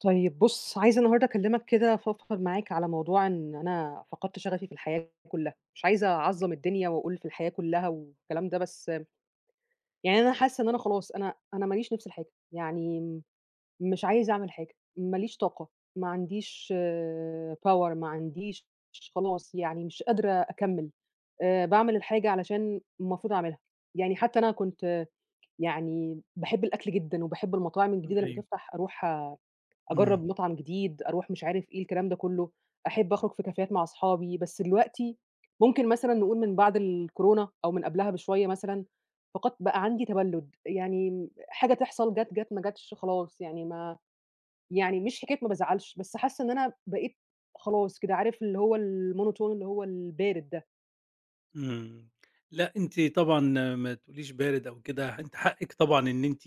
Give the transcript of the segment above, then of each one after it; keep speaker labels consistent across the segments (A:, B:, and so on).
A: طيب بُص، عايزة النهارده أكلّمك كده، أفضفض معاك على موضوع إن أنا فقدت شغفي في الحياة كلّها، مش عايزة أعظّم الدنيا وأقول في الحياة كلّها والكلام ده، بس، يعني أنا حاسّة إن أنا خلاص، أنا أنا ما ليش نِفْس لحاجة، يعني، مش عايزة أعمل حاجة، ما ليش طاقة، ما عنديش آآ power ما عنديش، خلاص يعني مش قادرة أكمل، آآ باعمل الحاجة علشان المفروض أعملها، يعني حتّى أنا كُنت يعني باحب الأكل جدًا، وباحب المطاعم
B: امم
A: الجديدة لمّا
B: أيوه.
A: تفتح، أروح
B: امم.
A: أجرّب مطعم جديد، أروح مش عارف إيه، الكلام ده كلّه، أحب أخرج في كافيهات مع أصحابي، بس دلوقتي، ممكن مثلًا نقول من بعد الكورونا، أو من قبلها بشوية مثلًا، فقدت بقى عندي تبلّد، يعني حاجة تحصل، جات جات، ما جاتش خلاص يعني ما، يعني مش حكاية ما بازعلش، بس حاسّة إن أنا بقيت، خلاص كده، عارف اللي هو الmonotone اللي هو البارد ده.
B: امم، لأ أنتِ طبعًا ما تقوليش بارد أو كده، أنتِ حقِك طبعًا إن أنتِ،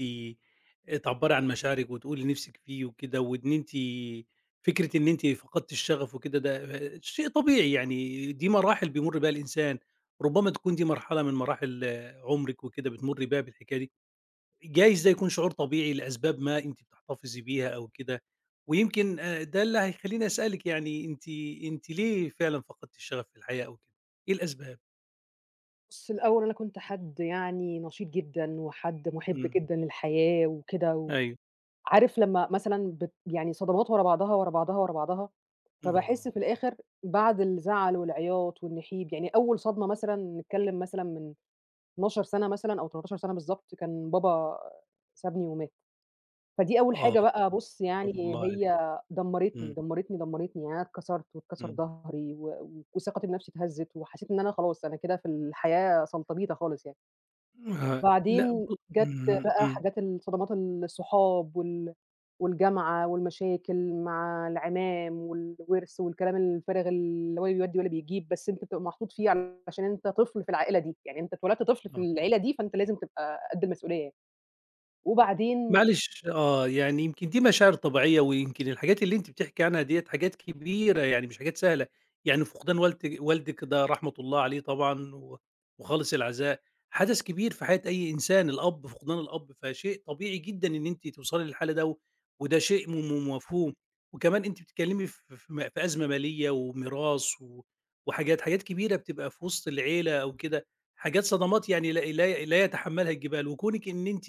B: آآ تعبري عن مشاعرِك، وتقولي اللي نِفْسِك فيه وكده، وإن أنتِ، فكرة إن أنتِ فقدتِ الشغف وكده، ده آآ شيء طبيعي، يعني دي مراحل بيمر بيها الإنسان، ربما تكون دي مرحلة من مراحل عمرِك، وكده بتمري بيها بالحكاية دي، جايز ده يكون شعور طبيعي لأسباب ما أنتِ بتحتفظي بيها أو كده، ويمكن آآ ده اللي هيخليني أسألِك يعني، أنتِ أنتِ ليه فعلًا فقدتِ الشغف في الحياة أو كده، إيه الأسباب؟
A: بُص الأوّل أنا كُنت حد يعني نشيط جدًا، وحد مُحِب
B: امم.
A: جدًا للحياة وكده و
B: أيوه.
A: عارف لمّا مثلًا بت يعني صدمات ورا بعضها، ورا بعضها، ورا بعضها،
B: آه.
A: فباحِس في الآخر بعد الزعل والعياط والنحيب يعني أوّل صدمة مثلًا نتكلّم مثلًا من 12 سَنة مثلًا، أو 13 سَنة بالضبط كان بابا سابني ومات. فدي أوّل
B: آه،
A: حاجة بقى بُص
B: رحمة
A: يعني
B: الله عليه.
A: هي دمّرتني،
B: امم.
A: دمّرتني، دمّرتني، يعني أنا اتكسرت واتكسر
B: امم.
A: ضهري و وثقتي بنَفْسي اتهزت، وحسّيت إن أنا خلاص، أنا كده في الحياة سلطبيطة خالص يعني.
B: ما لأ ب
A: بعدين جات
B: امم،
A: بقى
B: امم.
A: حاجات الصدمات الصحاب، وال والجامعة، والمشاكل مع العمام، والوِرث، والكلام الفارغ اللي هو لا بيودي ولا بيجيب، بس أنت بتبقى محطوط فيه علشان أنت طفل في العائلة دي، يعني أنت اتولدت طفل في
B: آه.
A: العيلة دي فأنت لازم تبقى قد المسؤوليّة يعني. وبعدين
B: معلش، آه يعني يمكن دي مشاعر طبيعيّة، ويمكن الحاجات اللي أنتِ بتحكي عنها ديّة حاجات كبيرة يعني مش حاجات سهلة، يعني فقدان والدِ والدِك ده رحمة الله عليه طبعًا، و وخالص العزاء، حدث كبير في حياة أي إنسان، الأب، فقدان الأب فشيء طبيعي جدًا إن أنتِ توصلي للحالة ده، وده شيء م م مفهوم، وكمان أنتِ بتتكلّمي ف ف م في أزمة مالية وميراث و وحاجات حاجات كبيرة بتبقى في وسط العيلة أو كده، حاجات صدمات يعني لا لا لا يتحمّلها الجبال وكونِك إن أنتِ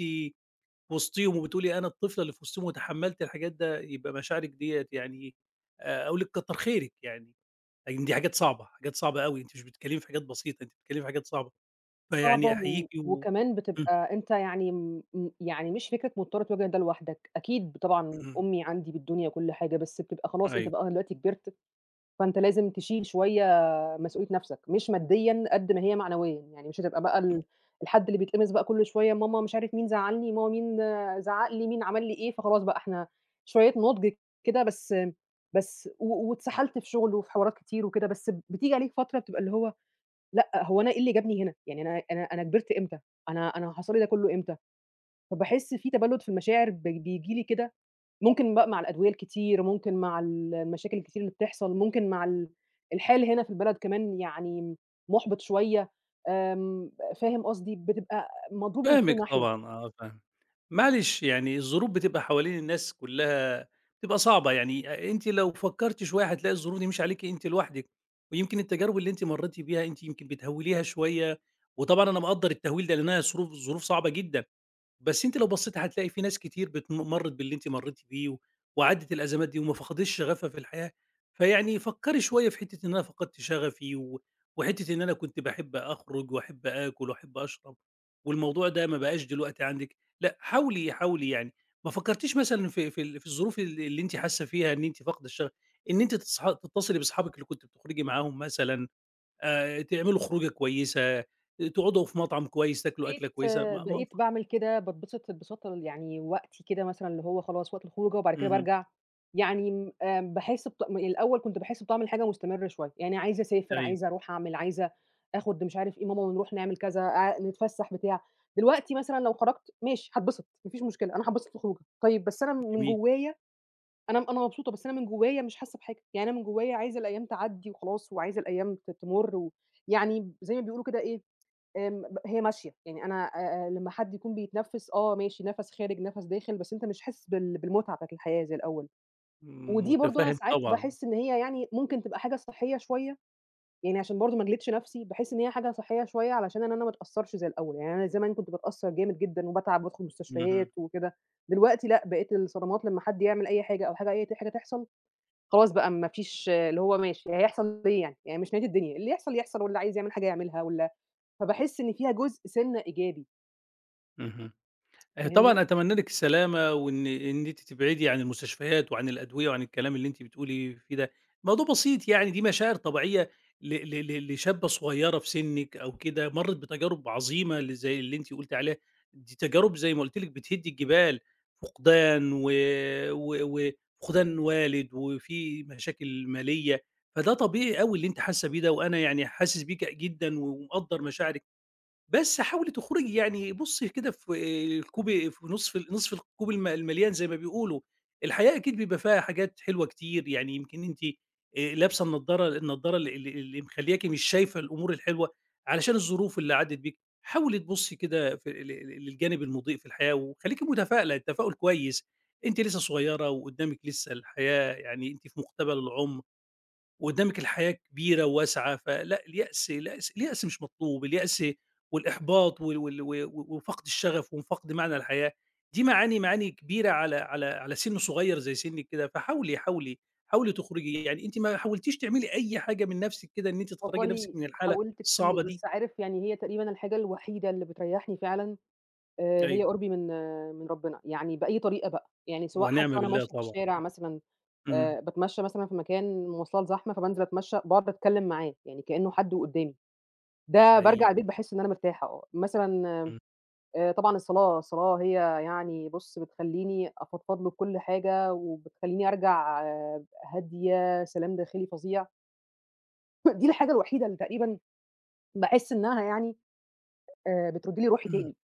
B: وسطيهم وبتقولي "أنا الطفلة اللي في وسطيهم." وتحمّلت الحاجات ده يبقى مشاعرك ديّة يعني آآ أقول لِك كتّر خيرك يعني، يعني دي حاجات صعبة، حاجات صعبة أوي أنتِ مش بتتكلّمي في حاجات بسيطة أنتِ بتتكلّمي في حاجات صعبة،
A: صعبة
B: فيعني
A: و
B: أحيّيكِ و
A: وكمان
B: امم.
A: بتبقى أنت يعني امم م يعني مش فكرة مضطر تواجه ده لوحدك، أكيد طبعًا
B: امم.
A: أمي عندي بالدنيا وكل حاجة، بس بتبقى خلاص أنت
B: أيوه.
A: بقى دلوقتي كبرت، فأنت لازم تشيل شويّة مسؤوليّة نَفْسك. مش ماديًا قد ما هي معنويًا، يعني مش هتبقى بقى ال
B: [unintelligible]
A: الحد اللي بيتقمص بقى كل شويّة، ماما مش عارف مين زعلّني، ماما مين زعّق لي، مين عمل لي إيه، فخلاص بقى إحنا شويّة نضج كده بس بس و واتسحلت في شغل وفي حوارات كتير وكده، بس بتيجي عليك فترة بتبقى اللي هو لأ هو أنا إيه اللي جابني هنا؟ يعني أنا أنا أنا كبرت إمتى؟ أنا أنا حصل لي ده كلّه إمتى؟ فباحِس في تبلّد في المشاعر بي بييجي لي كده، ممكن بقى مع الأدوية الكتير، ممكن مع ال المشاكل الكتير اللي بتحصل، ممكن مع ال الحال هنا في البلد كمان يعني مُحبِط شويّة، آمم فاهم قصدي؟ بتبقى مضروب من
B: فاهمِك
A: كل ناحية.
B: طبعًا، آه فاهمِك. معلش، يعني الظروف بتبقى حوالين الناس كلّها، بتبقى صعبة، يعني آآ أنتِ لو فكرتِ شويّة هتلاقي الظروف دي مش عليكِ أنتِ لوحدِك، ويمكن التجارب اللي أنتِ مرّيتِ بيها أنتِ يمكن بتهوّليها شويّة، وطبعًا أنا مقدّر التهويل ده لأنها ظروف ظروف صعبة جدًا، بس أنتِ لو بصّيتِ هتلاقي في ناس كتير بت مرّت باللي أنتِ مرّيتِ بيه و وعدّت الأزمات دي وما فقدتش شغفها في الحياة. فيعني فكّري شويّة في حتّة إن أنا فقدت شغفي و وحتّة إن أنا كنت باحب أخرج، وأحب آكل، وأحب أشرب، والموضوع ده ما بقاش دلوقتي عندِك، لأ حاولي، حاولي يعني. ما فكّرتيش مثلًا في في ال في الظروف ال اللي أنتِ حاسّة فيها إن أنتِ فاقدة الشغف، إن أنتِ تصح تتصلي بصحابِك اللي كُنتِ بتخرجي معاهم مثلًا، آآ تعملوا خروجة كويّسة، تقعدوا في مطعم كويّس، تاكلوا
A: بقيت
B: أكلة كويّسة ما ما
A: بقيت
B: ف
A: باعمل كده، باتبسط انبساط ال يعني وقتي كده مثلًا اللي هو خلاص وقت الخروجة، وبعد كده
B: اهم.
A: بارجع، يعني امم آآ باحِس بطع الأوّل كُنت باحِس بطعم حاجة مستمر شويّة. يعني عايزة أسافر،
B: أيوه.
A: عايزة أروح أعمل، عايزة آخد مش عارف إيه ماما ونروح نعمل كذا، اع نتفسح، بتاع. دلوقتي مثلًا لو خرجت ماشي هاتبسط، ما فيش مشكلة، أنا هاتبسط في الخروجة، طيّب بس أنا م من
B: جميل.
A: جوّايا، أنا أنا مبسوطة، بس أنا من جوّايا مش حاسّة بحاجة، يعني أنا من جوّايا عايزة الأيّام تعدّي وخلاص، وعايزة الأيّام ت تمر و يعني زي ما بيقولوا كده إيه، آمم ب هي ماشية، يعني أنا آآ آآ لمّا حد يكون بيتنفّس آه ماشي نَفْس خارج، نَفْس داخل، بس أنت مش حاسس بال بالمتعة بتاعة الحياة زي الأوّل.
B: امم
A: ودي برضه أنا
B: مُتَفهِّم
A: ساعات
B: طبعًا.
A: باحِس إن هي يعني ممكن تبقى حاجة صحّية شويّة، يعني عشان برضه ما أجلدِش نَفْسي باحس إن هي حاجة صحيّة شويّة علشان أنا ما ما أتأثّرش زي الأوّل. يعني أنا زمان كُنت بتأثّر جامد جدًا، وباتعب، وبادخل
B: اهم.
A: مستشفيات وكده، دلوقتي لأ بقيت الصدمات لمّا حد يعمل أي حاجة، أو حاجة أي ت حاجة تحصل، خلاص بقى ما فيش اللي هو ماشي هيحصل إيه يعني؟ يعني مش نهاية الدنيا اللي يحصل يحصل، واللي عايز يعمل حاجة يعملها، وال فباحِس إن فيها جزء سِنّة إيجابي.
B: اهم. آآ
A: فاهمني؟
B: طبعًا أتمنى لِك السلامة، وإن إن أنتِ تبعدي عن المستشفيات وعن الأدوية وعن الكلام اللي أنتِ بتقولي فيه ده، موضوع بسيط يعني دي مشاعر طبيعية ل ل لشابّة صغيّرة في سنِّك أو كده، مرّت بتجارب عظيمة ل زي اللي أنتِ قُلتِ عليها دي تجارب زي ما قُلت لِك بتهد الجبال فقدان و و وفقدان والد، وفي مشاكل مالية فده طبيعي أوي اللي أنتِ حاسّة بيه ده، وأنا يعني حاسس بيكِ جدًا ومقدّر مشاعرِك، بس حاولي تخرجي يعني بُصّي كده في الكوب في نصف نصف الكوب ال المليان زي ما بيقولوا، الحياة أكيد بيبقى فيها حاجات حلوة كتير يعني يمكن أنتِ آآ لابسة النضارة النضارة ال اللي اللي مخلّياكِ مش شايفة الأمور الحلوة علشان الظروف اللي عدت بيكِ، حاولي تبُصّي كده في ال ل للجانب المُضيء في الحياة وخلّيكِ متفائلة التفاؤل كويس أنتِ لسّه صغّيرة وقدامِك لسّه الحياة، يعني أنتِ في مقتبل العُمر، وقدامِك الحياة كبيرة وواسعة فلأ، اليأس اليأس اليأس مش مطلوب اليأس والإحباط وال وال و وفقد الشغف وفقد معنى الحياة، دي معاني معاني كبيرة على على على سِن صغير زي سنِّك كده فحاولي، حاولي، حاولي تخرجي يعني أنتِ ما حاولتيش تعملي أي حاجة من نفسِك كده إن أنتِ تخرّجي نفسِك
A: والله
B: من الحالة
A: حاولت كتير،
B: الصعبة دي؟
A: بس عارف يعني هي تقريبًا الحاجة الوحيدة اللي بتريّحني فعلًا آآ هي
B: أيوه.
A: قربي من آآ من ربنا، يعني بأي طريقة بقى يعني سواء حتّى
B: ونعمة
A: وأنا
B: بالله
A: ماشية في
B: طبعًا
A: الشارع مثلًا
B: امم، إمم.
A: آآ باتمشي مثلًا في مكان مواصلات زحمة فبانزل أتمشى، بأقعد أتكلم معاه يعني كأنّه حد وقدامي، ده
B: حقيقي.
A: بارجع البيت باحس إن أنا مرتاحة آه مثلًا آآ
B: إمم.
A: آآ طبعًا الصلاة الصلاة هي يعني بُص بتخلّيني أفضفض له بكُل حاجة وبتخلّيني أرجع هادية سلام داخلي فظيع. دي الحاجة الوحيدة اللي تقريبًا باحس إنها يعني آآ بترد لي روحي
B: إمم
A: تاني.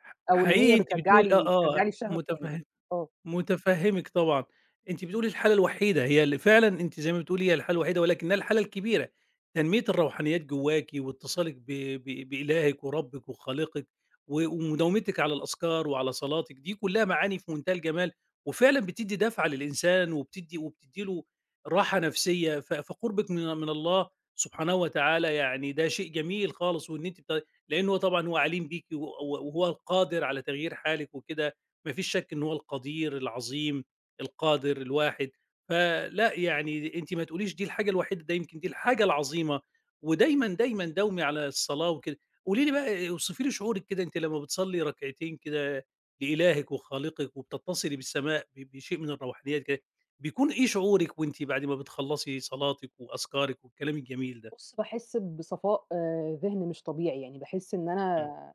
B: حق
A: أو إن
B: حقيقي
A: هي
B: أنتِ
A: بترجّع
B: بتقولي
A: لي
B: آه آه
A: بترجّع لي الشغف تاني
B: متفه
A: يعني آه.
B: متفهّمِك طبعًا، أنتِ بتقولي الحالة الوحيدة، هي اللي فعلًا أنتِ زي ما بتقولي هي الحالة الوحيدة، ولكنها الحالة الكبيرة تنمية الروحانيات جواكِ واتصالِك ب ب بإلاهِك وربِّك وخالقِك، وم ومداومتِك على الأذكار وعلى صلاتِك، دي كلّها معاني في منتهى الجمال، وفعلًا بتدّي دَفعة للإنسان وبتدّي وبتدّي له راحة نفسية ف فقربِك من من الله سبحانه وتعالى يعني ده شيء جميل خالص، وإن أنتِ ب لأنّه طبعًا هو عليم بيكِ و و وهو القادر على تغيير حالِك وكده، ما فيش شَك إن هو القدير العظيم القادر الواحد فلأ، يعني أنتِ ما تقوليش دي الحاجة الوحيدة، ده يمكن دي الحاجة العظيمة ودايمًا دايمًا داومي على الصلاة وكده. قولي لي بقى اوصفي لي شعورِك كده أنتِ لمّا بتصلّي ركعتين كده لإلاهِك وخالقِك وبتتصلي بالسماء ب بشيء من الروحانيات كده، بيكون إيه شعورِك وأنتِ بعد ما بتخلصي صلاتِك وأذكارِك والكلام الجميل ده؟
A: بُص، باحس بصفاء آآ ذهن مش طبيعي، يعني باحس إن
B: إمم.
A: أنا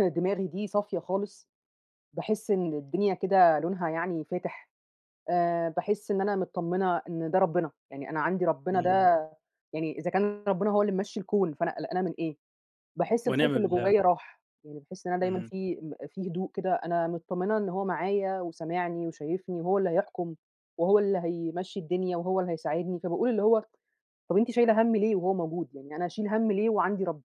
A: دماغي دي صافية خالص باحس إن الدنيا كده لونها يعني فاتح آآ باحس إن أنا متطّمنة إن ده ربنا، يعني أنا عندي ربنا ده
B: إمم.
A: يعني إذا كان ربنا هو اللي ممشّي الكون، فأنا قلقانة من إيه باحس الخوف
B: ونعمة
A: اللي
B: بالله.
A: جوايا راح، يعني باحس إن أنا دايمًا
B: اهم.
A: فيه م فيه هدوء كده أنا متطّمنة إن هو معايا وسامعني وشايفني وهو اللي هيحكم وهو اللي هيمشّي الدنيا وهو اللي هيساعدني، فباقول اللي هو: "طَب أنتِ شايلة هَم ليه وهو موجود؟ يعني أنا أشيل هَم ليه وعندي رب؟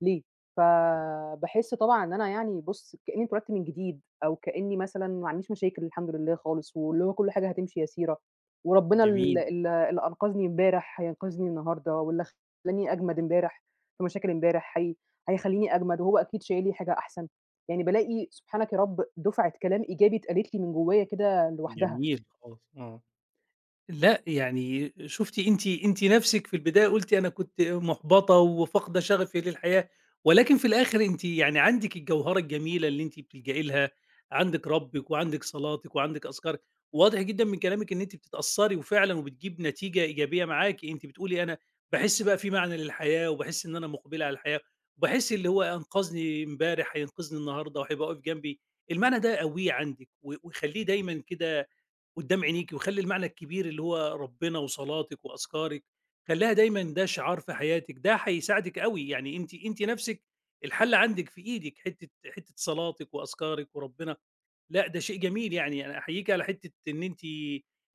A: ليه؟" فباحس طبعًا إن أنا يعني بُص كأنّي اتولدت من جديد، أو كأنّي مثلًا ما معنديش مشاكل الحمد لله خالص، واللي هو كل حاجة هتمشي يسيرة، وربنا ال
B: جميل.
A: ال اللي أنقذني امبارح هينقذني النهارده، واللي خلّاني أجمد امبارح في مشاكل امبارح هي هيخلّيني أجمد، وهو أكيد شايل لي حاجة أحسن. يعني بالاقي سبحانَك يا رب دُفعة كلام إيجابي اتقالت لي من جوايا كده لوحدها.
B: جميل خالص آه لأ، يعني شُفتِ أنتِ أنتِ نفسِك في البداية قُلتِ أنا كنت محبطة وفاقدة شغفي للحياة، ولكن في الآخر أنتِ يعني عندِك الجوهرة الجميلة اللي أنتِ بتلجئي لها، عندِك رِّبك وعندِك صلاتِك وعندِك أذكارِك، وواضح جدًا من كلامِك إن أنتِ بتتأثّري وفعلًا وبتجيب نتيجة إيجابية معاكِ أنتِ بتقولي أنا باحس بقى فيه معنى للحياة وباحس إن أنا مُقبلة على الحياة، وباحس اللي هو أنقذني امبارح هينقذني النهارده وهيبقى واقف جنبي. المعنى ده قوّيه عندِك و وخلّيه دايمًا كده قدام عينيكِ، وخلّي المعنى الكبير اللي هو ربنا وصلاتك وأذكارك، خلّيها دايمًا ده شعار في حياتِك، ده هيساعدِك أوي يعني أنتِ أنتِ نفسِك الحل عندِك في إيدِك حتّة حتّة صلاتِك وأذكارِك وربنا لأ، ده شيء جميل يعني أنا أحييك على حتّة إن أنتِ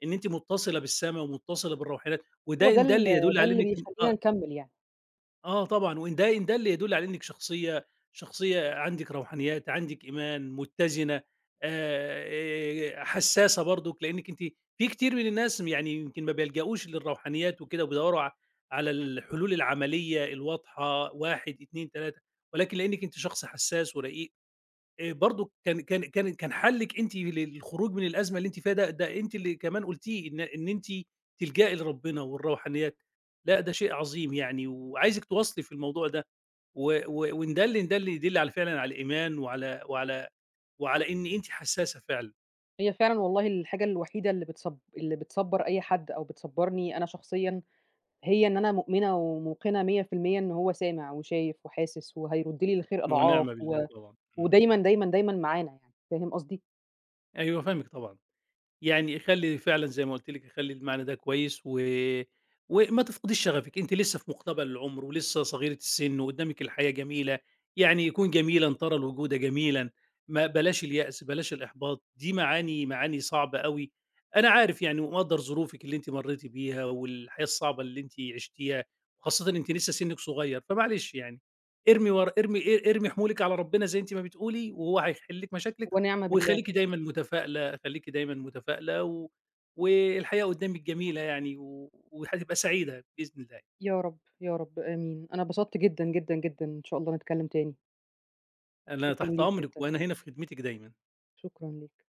B: إن أنتِ مُتصلة بالسما ومُتصلة بالروحانيات،
A: هو
B: وده
A: ده
B: إن
A: ال
B: دل يدل
A: ده
B: على
A: اللي
B: إنِّك أ
A: بيخلّينا نكمِّل يعني.
B: آه، طبعًا وإن ده إن دلّ يدلّ على إنِّك شخصية شخصية عندِك روحانيات، عندِك إيمان، متّزنة، آآ حسّاسة برضك، لإنِّك أنتِ في كتير من الناس م يعني يمكن ما بيلجؤوش للروحانيات وكده وبيدوّروا ع على الحلول العملية الواضحة 1، 2، 3 ولكن لإنِّك أنتِ شخص حسّاس ورقيق آآ برضك كان كان كان كان حلِّك أنتِ للخروج من الأزمة اللي أنتِ فيها ده، ده أنتِ اللي كمان قُلتيه إن إن أنتِ تلجئي لربنا والروحانيات، لأ ده شيء عظيم يعني وعايزِك تواصلي في الموضوع ده و و وإن دلّ إن دلّ يدلّ على فعلًا على الإيمان وعلى وعلى وعلى إن أنتِ حسّاسة فعلًا.
A: هي فعلًا والله الحاجة الوحيدة اللي بتصب اللي بتصبّر أي حد أو بتصبّرني أنا شخصيًا هي إن أنا مؤمنة وموقنة 100% إن هو سامع وشايف وحاسس وهيرُد لي الخير
B: ونعم
A: أضعاف
B: بالله
A: و
B: طبعًا، إمم.
A: ودايمًا، دايمًا، دايمًا معانا يعني فاهم قصدي؟
B: أيوه فاهمِك طبعًا، يعني خلّي فعلًا زَيّ ما قُلت لِك، خلّي المعنى ده كويس و وما تفقديش شغفِك أنتِ لسه في مُقتبل العمر، ولسه صغيرة السِن وقدّامِك الحياة جميلة، يعني كُن جميلًا ترى الوجود جميلًا، ما بلاش اليأس، بلاش الإحباط، دي معاني معاني صعبة أوي، أنا عارف يعني ومقدّر ظروفِك اللي أنتِ مرّيتِ بيها والحياة الصعبة اللي أنتِ عشتيها وخاصةً أنتِ لسه سِنِّك صغيّر، فمعلش يعني ارمي ورا ارمي ا ارمي حمولِك على ربنا زَيّ أنتِ ما بتقولي وهو هيحلّ لِك مشاكلِك
A: ونعم بالله.
B: ويخلّيكِ دايمًا متفائلة، خلّيكِ دايمًا متفائلة و والحياة قدّامِك جميلة يعني و وهتبقى سعيدة بإذن الله.
A: يا رب، يا رب آمين. أنا اتبسطت جدًا، جدًا، جدًا إن شاء الله نتكلم تاني.
B: أنا
A: شكرًا
B: تحت
A: ليك
B: أمرِك
A: جدًا.
B: وأنا هنا في خدمتِك دايمًا.
A: شكرًا ليك.